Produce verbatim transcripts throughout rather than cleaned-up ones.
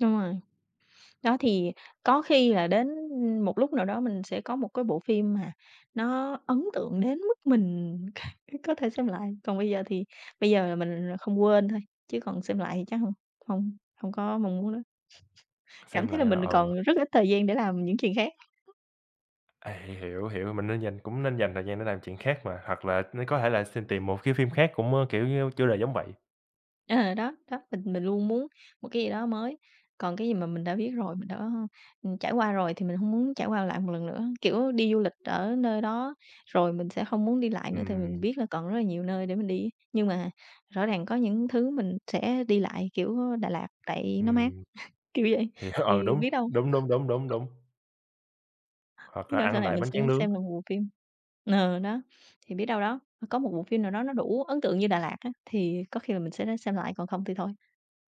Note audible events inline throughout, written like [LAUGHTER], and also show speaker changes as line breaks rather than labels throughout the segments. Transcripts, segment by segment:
Đúng rồi. Đó, thì có khi là đến, ưm, một lúc nào đó mình sẽ có một cái bộ phim mà nó ấn tượng đến mức mình có thể xem lại, còn bây giờ thì bây giờ là mình không quên thôi, chứ còn xem lại thì chắc hông hông hông có mong muốn đó. [SNIFFS] Cảm
Xem
thấy
lại
là
là,
mình, à,
ờ
còn rất ít thời gian để làm những chuyện khác.
À, hiểu, hiểu, hiểu. Mình nên dành cũng nên dành thời gian để làm chuyện khác mà, hoặc là [UNINTELLIGIBLE] có thể là xiên tìm một cái phim khác cũng, ơ, kiểu như, chủ đề giống vậy.
Ờ, đó, đó, mình mình luôn muốn một cái gì đó mới, còn cái gì mà mình đã biết rồi, mình đã, ừm, trải qua rồi thì mình hông muốn trải qua lại một lần nữa. Kiểu đi du lịch ở nơi đó rồi mình sẽ không muốn đi lại nữa tại mình
Ừm.
biết là còn rất là nhiều nơi để mình đi, nhưng mà rõ ràng có những thứ mình sẽ đi lại kiểu, ơ, Đà Lạt tại nó mát, [CHUCKLES]
Ừm.
kiểu vậy.
Thì h ờ,
Thì
đúng,
biết đâu
đúng, đúng, đúng, đúng,
[CHUCKLES]
đúng. Hoặc
Biết
là
đâu sau
ăn
này
lại
mình
bánh
sẽ
tráng nướng.
xem được một bộ phim ờ, đó, thì biết đâu đó, ơ, có một bộ phim nào đó nó đủ ấn tượng như Đà Lạt á, thì có khi là mình sẽ đó xem lại còn không thì thôi.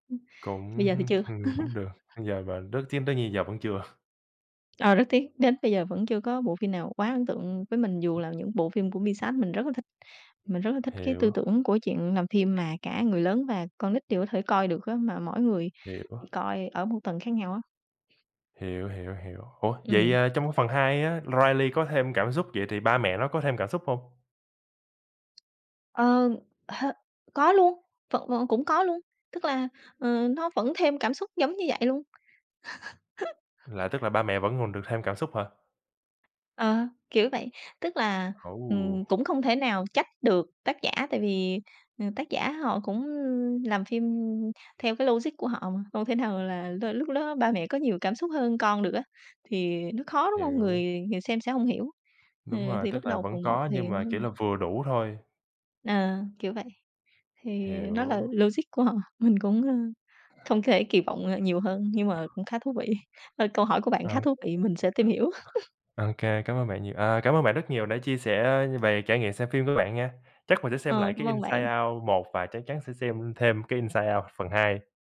Ưm. Bây
Cũng
giờ thì chưa.
[CHUCKLES] cũng được,
[CHUCKLES]
bây giờ và rất chiếm tới như giờ vẫn chưa.
Ờ, rất tiếc, đến bây giờ vẫn chưa có bộ phim nào quá ấn tượng với mình dù là những bộ phim của Pixar, mình rất là thích, mình rất là thích cái tư
Hiểu.
tưởng của chuyện làm phim mà cả người lớn và con nít đều có thể coi được á, mà mỗi người
Hiểu.
thì coi ở một tầng khác nhau á.
Hiểu, hiểu, hiểu. Ủa, vậy,
Ừm.
à, trong cái phần hai á, Riley có thêm cảm xúc vậy thì ba mẹ nó có thêm cảm xúc hông?
Ờ hơ, có luôn, vẫn v cũng có luôn, tức là, ờ, nó vẫn thêm cảm xúc giống như vậy luôn.
Là tức là ba
[CHUCKLES]
mẹ vẫn còn được thêm cảm xúc hả?
Ờ, kiểu vậy, tức là, ừm,
Ồ!
cũng không thể nào trách được tác giả, tại vì, ừm, tác giả họ cũng làm phim theo cái logic của họ mà, không thể nào là l lúc đó ba mẹ có nhiều cảm xúc hơn con được á, thì nó khó, đúng không?
Hiểu.
Người người xem sẽ hông hiểu, ờ,
Đúng rồi,
thì lúc
tức là
đầu
vẫn
phần một
có, nhưng
thì
mà, kiểu
hông
là, vừa đủ thôi.
À, kiểu vậy, thì, ờ, nó là
Hiểu.
logic của họ, mình cũng, ơ, không có thể kỳ vọng, ờ, nhiều hơn, nhưng mà cũng khá thú vị. Thôi câu hỏi của bạn
Ờ.
khá
[UNINTELLIGIBLE]
thú vị, mình sẽ tìm hiểu. [CHUCKLES]
OK, cảm ơn bạn nhiều, à, cảm ơn bạn rất nhiều đã chia sẻ, ơ, về trải nghiệm xem phim của bạn nha. Chắc mình sẽ xem
Ờ,
lại cái
cảm ơn bạn.
"Inside Out" một và chắc chắn sẽ xem thêm cái "Inside Out" phần hai.